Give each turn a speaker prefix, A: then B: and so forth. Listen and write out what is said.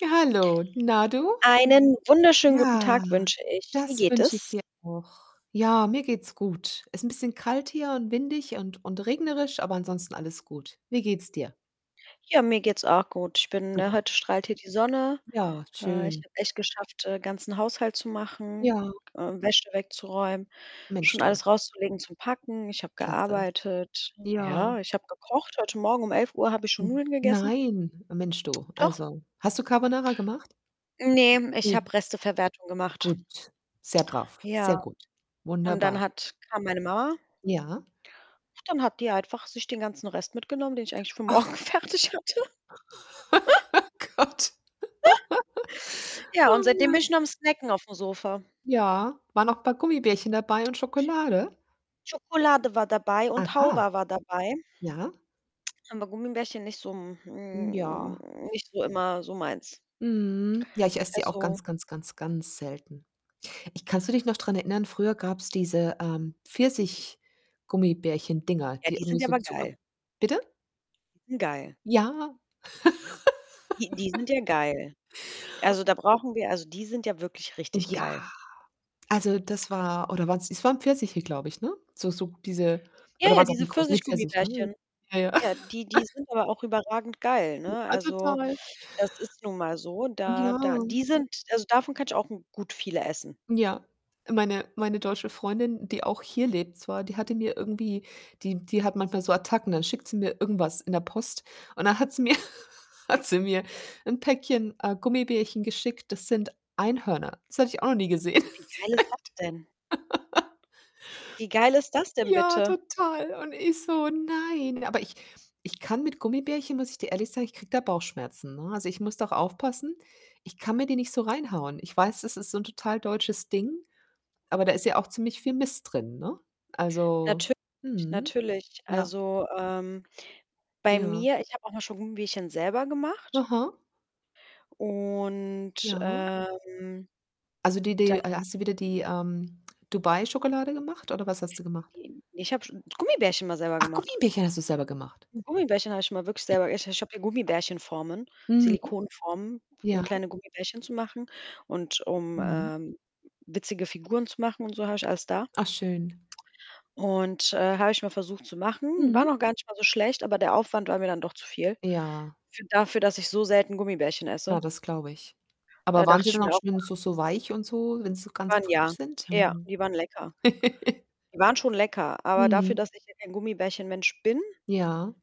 A: Hallo, na du?
B: Einen wunderschönen guten
A: Ja,
B: Tag wünsche ich. Wie
A: das
B: geht
A: wünsche ich
B: es?
A: dir auch. Ja, mir geht's gut. Ist 'n bisschen kalt hier und windig und und regnerisch, aber ansonsten alles gut. Wie geht's dir?
B: Ja, mir geht's auch gut. Ich bin ne,
A: Super.
B: heute strahlt hier die Sonne.
A: Ja,
B: Äh, ich
A: schön.
B: habe echt geschafft, äh, ganzen Haushalt zu machen,
A: Ja.
B: äh, Wäsche wegzuräumen,
A: Mensch
B: schon
A: du.
B: alles rauszulegen, zum Packen, ich habe
A: Klasse.
B: gearbeitet. Ja,
A: Ja.
B: ich habe gekocht. Heute Morgen um 11:00 habe ich schon
A: Hm,
B: Nudeln gegessen.
A: nein. Mensch, du,
B: Doch.
A: also hast du Carbonara gemacht?
B: Ne, ich
A: Ne.
B: habe Resteverwertung gemacht.
A: Gut, sehr brav, sehr
B: Ja,
A: gut.
B: und dann
A: Wunderbar.
B: hat kam meine Mama
A: Ja?
B: ach, dann hat die einfach sich den ganzen Rest mitgenommen, den ich eigentlich für morgen
A: Ach!
B: fertig hatte.
A: Gott.
B: Ja, und
A: Oh
B: seitdem bin
A: Mann.
B: ich nur am snacken auf'm Sofa.
A: Ja, war noch paar Gummibärchen dabei und Schokolade?
B: Schokolade war dabei und
A: Aha!
B: Halva war dabei.
A: Ja?
B: Aber Gummibärchen nicht so, hm
A: Hm,
B: hm,
A: ja.
B: nicht so immer so meins.
A: Mhm, ja, ich esse die auch
B: Also
A: ganz, ganz, ganz, ganz selten. Ich kannst du dich noch dran erinnern? Früher gab's diese, ähm, Pfirsich-Gummibärchen-Dinger,
B: Ja,
A: die
B: die
A: irgendwie
B: sind ja
A: so
B: aber
A: Zucker
B: geil.
A: bitte?
B: Hm, geil.
A: Ja.
B: Die die sind ja geil. Also, da brauchen wir also die sind ja wirklich richtig geil.
A: Ja, also das war oder waren's es waren Pfirsiche, glaube ich, ne? So so diese
B: Ja,
A: oder
B: ja,
A: waren's
B: diese
A: Aprikosen ne, Pfirsiche, ne?
B: Pfirsichgummibärchen.
A: Ja, ja.
B: Ja, die die sind aber auch überragend geil, ne?
A: Ja,
B: Also,
A: total.
B: das ist nun mal so, da
A: Ja.
B: da die sind also davon kann ich auch n gut viele essen.
A: Ja, meine meine deutsche Freundin, die auch hier lebt zwar, die hatte mir irgendwie die die hat manchmal so Attacken, dann schickt sie mir irgendwas in der Post und dann hat sie mir hat sie mir 'n Päckchen, äh, Gummibärchen geschickt, das sind Einhörner. Das hatte ich auch noch nie gesehen. [unintelligible] echt.
B: Wie geil ist das denn? Wie geil ist das denn
A: Ja,
B: bitte.
A: total. Und ich so: „Nein“, aber ich ich kann mit Gummibärchen muss ich dir ehrlich sagen, ich kriege da Bauchschmerzen, ne, also ich muss doch aufpassen, ich kann mir die nicht so reinhauen. Ich weiß, es ist so 'n total deutsches Ding, aber da ist ja auch ziemlich viel Mist drin, ne? Also
B: Natürlich,
A: mhm.
B: natürlich.
A: Ja.
B: Also, ähm, bei
A: Ja.
B: mir ich habe auch mal schon Gummibärchen selber gemacht
A: Aha.
B: und,
A: Ja.
B: ähm,
A: Also die die
B: dann
A: äh, hast du wieder die, ähm, Dubai-Schokolade gemacht oder was hast du gemacht?
B: [unintelligible] ich habe schon Gummibärchen mal selber
A: Ach,
B: gemacht.
A: Gummibärchen hast du selber gemacht.
B: Gummibärchen habe ich immer wirklich selber ich ich habe hier Gummibärchen-Formen,
A: Mhm.
B: Silikonformen, um
A: Ja.
B: kleine Gummibärchen zu machen und um,
A: Mhm.
B: äh, witzige Figuren zu machen und so, habe ich alles da.
A: Ach schön.
B: Und, äh, habe ich mal versucht zu machen. Waren
A: Mhm.
B: auch gar nicht mal so schlecht, aber der Aufwand war mir dann doch zu viel,
A: Ja.
B: für dafür, dass ich so selten Gummibärchen
A: Na,
B: esse.
A: das glaube ich. Aber
B: Da
A: waren
B: dachte
A: sie
B: ich
A: dann
B: mir
A: auch
B: auch
A: schön
B: noch
A: so so weich und so, wenn sie so ganz
B: Waren
A: frisch
B: ja.
A: sind?
B: Ja,
A: Mhm.
B: die waren lecker. Die waren schon lecker, aber dafür,
A: Mhm.
B: dass ich ja gar kein Gummibärchen Mensch bin
A: Ja.